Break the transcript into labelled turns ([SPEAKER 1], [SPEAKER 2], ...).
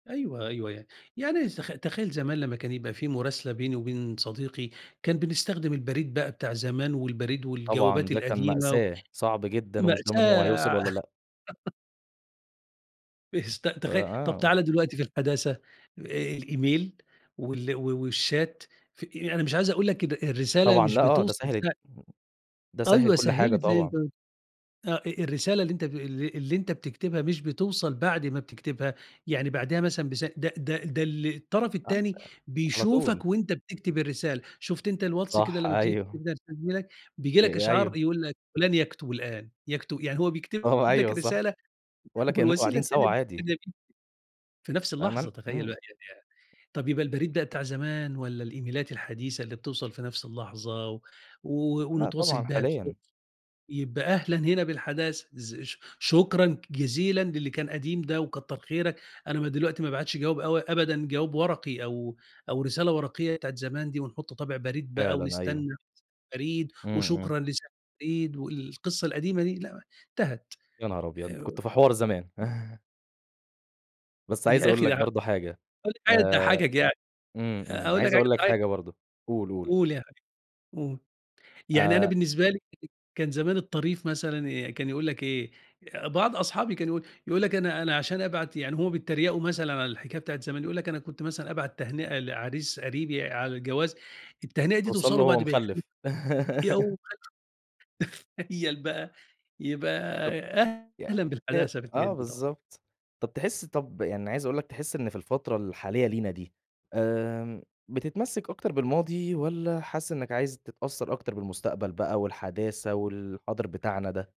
[SPEAKER 1] أيوه، أيوه. يعني يعني س تخ تخيّل زمان لمّا كان يبقى في مُراسلة بيني وبين صديقي، كان بنستخدم البريد بقى بتاع زمان والبريد
[SPEAKER 2] طبعًا
[SPEAKER 1] والجوابات
[SPEAKER 2] ده كان
[SPEAKER 1] القديمة، و
[SPEAKER 2] مأساة، صعب جدًا ومش ضامن هو
[SPEAKER 1] مأساة.
[SPEAKER 2] هيوصل
[SPEAKER 1] ع
[SPEAKER 2] والّا لأ.
[SPEAKER 1] بيست
[SPEAKER 2] آآ
[SPEAKER 1] تخي طَب
[SPEAKER 2] آه.
[SPEAKER 1] تعالَ دلوقتي في الحداثة، آآ الإيميل وال و والChat، في يعني مش عايز أقول لك إن الرسالة
[SPEAKER 2] طبعًا
[SPEAKER 1] مش
[SPEAKER 2] لأ آه، ده
[SPEAKER 1] بتوصل
[SPEAKER 2] سهّل
[SPEAKER 1] سه
[SPEAKER 2] ده سهّل
[SPEAKER 1] أيوه،
[SPEAKER 2] كل حاجة
[SPEAKER 1] سهِّلت زي
[SPEAKER 2] طبعًا.
[SPEAKER 1] [unintelligible] آه. آآ الرسالة اللي أنت ب اللي اللي أنت بتكتبها مش بتوصل بعد ما بتكتبها، يعني بعديها مثلًا بسا ده ده ده ال الطَرَف
[SPEAKER 2] آه،
[SPEAKER 1] التاني
[SPEAKER 2] على طول.
[SPEAKER 1] بيشوفك وأنت بتكتب الرسالة. شُفت أنت الواتس كده
[SPEAKER 2] صح،
[SPEAKER 1] لمّا بتيجي
[SPEAKER 2] أيوه.
[SPEAKER 1] [unintelligible] بييجي لك
[SPEAKER 2] آآ أيوه.
[SPEAKER 1] إشعار يقول لك، فُلان يكتُب الآن. يكتُ يعني هو بيكتب
[SPEAKER 2] آه،
[SPEAKER 1] لك
[SPEAKER 2] أيوة صح.
[SPEAKER 1] رسالة
[SPEAKER 2] ولا كإنّكم
[SPEAKER 1] والوسيلة
[SPEAKER 2] قاعدين
[SPEAKER 1] التانية
[SPEAKER 2] سَوا عادي.
[SPEAKER 1] [unintelligible] في نفس
[SPEAKER 2] فعلًا؟
[SPEAKER 1] اللحظة، تخيّل
[SPEAKER 2] إمم.
[SPEAKER 1] بقى يعني طَب يبقى البريد بقى بتاع زمان والّا الإيميلات الحديثة اللي بتوصل في نَفْس اللحظة و و
[SPEAKER 2] لأ
[SPEAKER 1] ونتواصل
[SPEAKER 2] طبعًا
[SPEAKER 1] بيها بسرعة
[SPEAKER 2] حاليًا.
[SPEAKER 1] يبقى أهلًا هنا بالحداثة. إز ش شكرًا جزيلًا للي كان قديم ده وكتَّر خيرك، أنا ما دلوقتي ما بابعتش جواب أو أبدًا جواب ورقي أو أو رسالة ورقيّة بتاعة زمان دي ونحُط طابع بريد بقى
[SPEAKER 2] فعلًا أيوه.
[SPEAKER 1] ونستنّى س البريد
[SPEAKER 2] إمم، إمم.
[SPEAKER 1] وشكرًا لساعي البريد والقصّة القديمة دي، لأ انتهت.
[SPEAKER 2] يا نهار أبيض! أنتم
[SPEAKER 1] آآ
[SPEAKER 2] كنتوا في حوار زمان. بس عايز
[SPEAKER 1] يا
[SPEAKER 2] أقول
[SPEAKER 1] أخي
[SPEAKER 2] لك
[SPEAKER 1] ده ح
[SPEAKER 2] برضه حاجة،
[SPEAKER 1] هاقول حاجة
[SPEAKER 2] آآ
[SPEAKER 1] تضحَّكك يع
[SPEAKER 2] إمم، إمم.
[SPEAKER 1] هاقول لك
[SPEAKER 2] عايز
[SPEAKER 1] حاجة
[SPEAKER 2] أقول لك حاجة
[SPEAKER 1] تضحّكك،
[SPEAKER 2] برضه، قُل، قُل.
[SPEAKER 1] قُل يا حبيبي، قُل. يعني أنا
[SPEAKER 2] آآ
[SPEAKER 1] بالنسبة لي كان زمان الطريف مثلًا آآ كان يقول لك إيه، آآ بعض أصحابي كان يقول يقول لك أنا أنا عشان أبعت يعني هم بيتّريقوا مثلًا على الحكاية بتاعة زمان، يقول لك أنا كنت مثلًا أبعت تهنئة لعريس قريبي على الجواز، التهنئة دي
[SPEAKER 2] توصل
[SPEAKER 1] توصل
[SPEAKER 2] له
[SPEAKER 1] له
[SPEAKER 2] وهو
[SPEAKER 1] بعد ما يخل
[SPEAKER 2] مِخلِّف.
[SPEAKER 1] اي أو [unintelligible] تخيّل بقى؟ يبقى
[SPEAKER 2] طَب يعني
[SPEAKER 1] أهلًا
[SPEAKER 2] ن
[SPEAKER 1] بالحداثة في الحاجات
[SPEAKER 2] آه
[SPEAKER 1] دي طبعًا.
[SPEAKER 2] بالضبط. طَب تحِس طَب يعني عايز أقول لك، تحِس إن في الفترة الحالية لينا دي، آمم بتتمسِّك أكتر بالماضي والّا حاسِس إنّك عايز تتأثّر أكتر بالمستقبل بقى والحداثة والحاضر بتاعنا ده؟